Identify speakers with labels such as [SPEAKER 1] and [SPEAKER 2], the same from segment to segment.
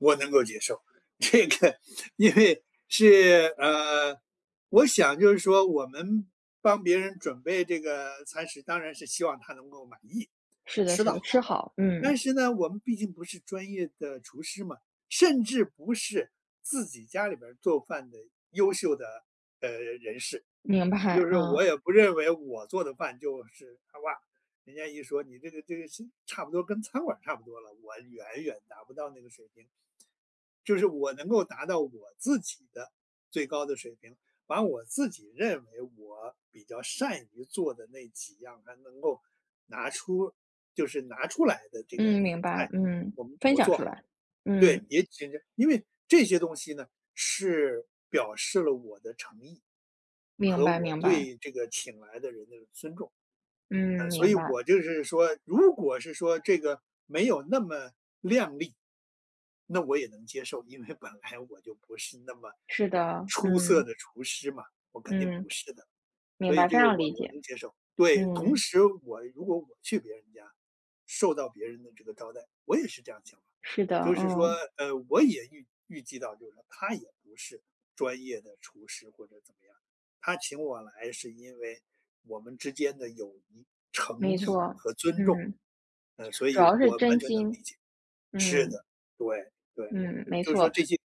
[SPEAKER 1] 我能够接受，这个因为是呃，我想就是说，我们帮别人准备这个餐食，当然是希望他能够满意，他
[SPEAKER 2] 是的
[SPEAKER 1] 吃
[SPEAKER 2] 是
[SPEAKER 1] 得好。
[SPEAKER 2] 的，吃好，
[SPEAKER 1] 但
[SPEAKER 2] 嗯。
[SPEAKER 1] 是呢，我们毕竟不是专业的厨师嘛，甚至不是自己家里边儿做饭的优秀的呃，人士。
[SPEAKER 2] 明
[SPEAKER 1] 就
[SPEAKER 2] 白，
[SPEAKER 1] 是
[SPEAKER 2] 嗯。
[SPEAKER 1] 我也不认为我做的饭就是他吧人家一说：“你这个这个差不多跟餐馆儿差不多了。”我远远达不到那个水平。就是我能够达到我自己的最高的水平，把我自己认为我比较善于做的那几样，还能够拿出就是拿出来的这个
[SPEAKER 2] 嗯，明白。
[SPEAKER 1] 菜，
[SPEAKER 2] 嗯，
[SPEAKER 1] 我们
[SPEAKER 2] 分
[SPEAKER 1] 我
[SPEAKER 2] 享
[SPEAKER 1] 做
[SPEAKER 2] 出
[SPEAKER 1] 好。
[SPEAKER 2] 来，
[SPEAKER 1] 对，
[SPEAKER 2] 嗯。
[SPEAKER 1] 也许因为这些东西呢，是表示了我的诚意，
[SPEAKER 2] 明
[SPEAKER 1] 和
[SPEAKER 2] 白
[SPEAKER 1] 我
[SPEAKER 2] 明白。
[SPEAKER 1] 对这个请来的人的尊重。呃，
[SPEAKER 2] 嗯，
[SPEAKER 1] 所以
[SPEAKER 2] 明白。
[SPEAKER 1] 我就是说，如果是说，这个没有那么亮丽，那我也能接受。因为本来我就不是那么
[SPEAKER 2] 是的，
[SPEAKER 1] 出色
[SPEAKER 2] 嗯。
[SPEAKER 1] 的厨师嘛，我肯定
[SPEAKER 2] 嗯。
[SPEAKER 1] 不是的，所
[SPEAKER 2] 明
[SPEAKER 1] 以
[SPEAKER 2] 白，
[SPEAKER 1] 这
[SPEAKER 2] 非
[SPEAKER 1] 个
[SPEAKER 2] 常
[SPEAKER 1] 我
[SPEAKER 2] 理
[SPEAKER 1] 我
[SPEAKER 2] 解。
[SPEAKER 1] 能接受。对，同
[SPEAKER 2] 嗯。
[SPEAKER 1] 时我如果我去别人家，受到别人的这个招待。我也是这样想的，
[SPEAKER 2] 是的，
[SPEAKER 1] 就是说
[SPEAKER 2] 嗯。
[SPEAKER 1] 呃，我也预预计到，就是说他也不是专业的厨师，或者怎么样。他请我来是因为我们之间的友谊、诚
[SPEAKER 2] 没
[SPEAKER 1] 意
[SPEAKER 2] 错，
[SPEAKER 1] 和尊重，
[SPEAKER 2] 嗯。
[SPEAKER 1] 呃，所以
[SPEAKER 2] 主要是
[SPEAKER 1] 我完
[SPEAKER 2] 真
[SPEAKER 1] 全能理
[SPEAKER 2] 心，
[SPEAKER 1] 解。是
[SPEAKER 2] 嗯。
[SPEAKER 1] 的，对对，
[SPEAKER 2] 嗯，没
[SPEAKER 1] 就是说
[SPEAKER 2] 错。
[SPEAKER 1] 这些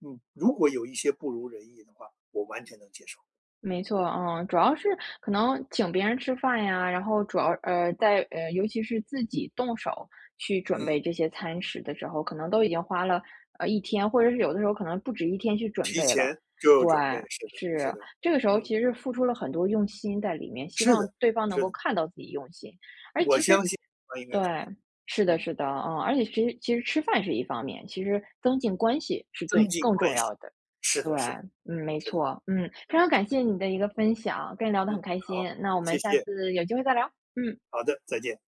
[SPEAKER 1] 嗯，如果有一些不如人意的话，我完全能接受。
[SPEAKER 2] 没错，嗯，主要是
[SPEAKER 1] 对。
[SPEAKER 2] 可能请别人吃饭呀，然后主要呃，在呃，尤其是自己动手去准
[SPEAKER 1] 嗯。
[SPEAKER 2] 备这些餐食的时候，可能都已经花了呃，1天，或者是有的时候可能不止1天去准
[SPEAKER 1] 提
[SPEAKER 2] 备了。
[SPEAKER 1] 前就
[SPEAKER 2] 对，
[SPEAKER 1] 准备。是的
[SPEAKER 2] 是，
[SPEAKER 1] 是的，
[SPEAKER 2] 这个时候
[SPEAKER 1] 嗯。
[SPEAKER 2] 其实付出了很多用心在里面，希
[SPEAKER 1] 是
[SPEAKER 2] 望
[SPEAKER 1] 的，
[SPEAKER 2] 对方能
[SPEAKER 1] 是
[SPEAKER 2] 够
[SPEAKER 1] 的。
[SPEAKER 2] 看到自己用心。诶，
[SPEAKER 1] 我
[SPEAKER 2] 其实
[SPEAKER 1] 相信他应该看
[SPEAKER 2] 对，
[SPEAKER 1] 到。
[SPEAKER 2] 是的
[SPEAKER 1] 嗯。
[SPEAKER 2] 是的，嗯，而且其实其实吃饭是一方面，其实增进关系是
[SPEAKER 1] 增
[SPEAKER 2] 最
[SPEAKER 1] 进
[SPEAKER 2] 更重
[SPEAKER 1] 关系。
[SPEAKER 2] 要的。
[SPEAKER 1] 是
[SPEAKER 2] 对，
[SPEAKER 1] 的是的
[SPEAKER 2] 嗯，没
[SPEAKER 1] 是的。
[SPEAKER 2] 错。嗯，非
[SPEAKER 1] 嗯。
[SPEAKER 2] 常感谢你的一个分享，跟你聊得
[SPEAKER 1] 嗯，
[SPEAKER 2] 很开
[SPEAKER 1] 好，
[SPEAKER 2] 心，那我
[SPEAKER 1] 谢
[SPEAKER 2] 们下
[SPEAKER 1] 谢。
[SPEAKER 2] 次有机会再聊。嗯。
[SPEAKER 1] 好的，再见。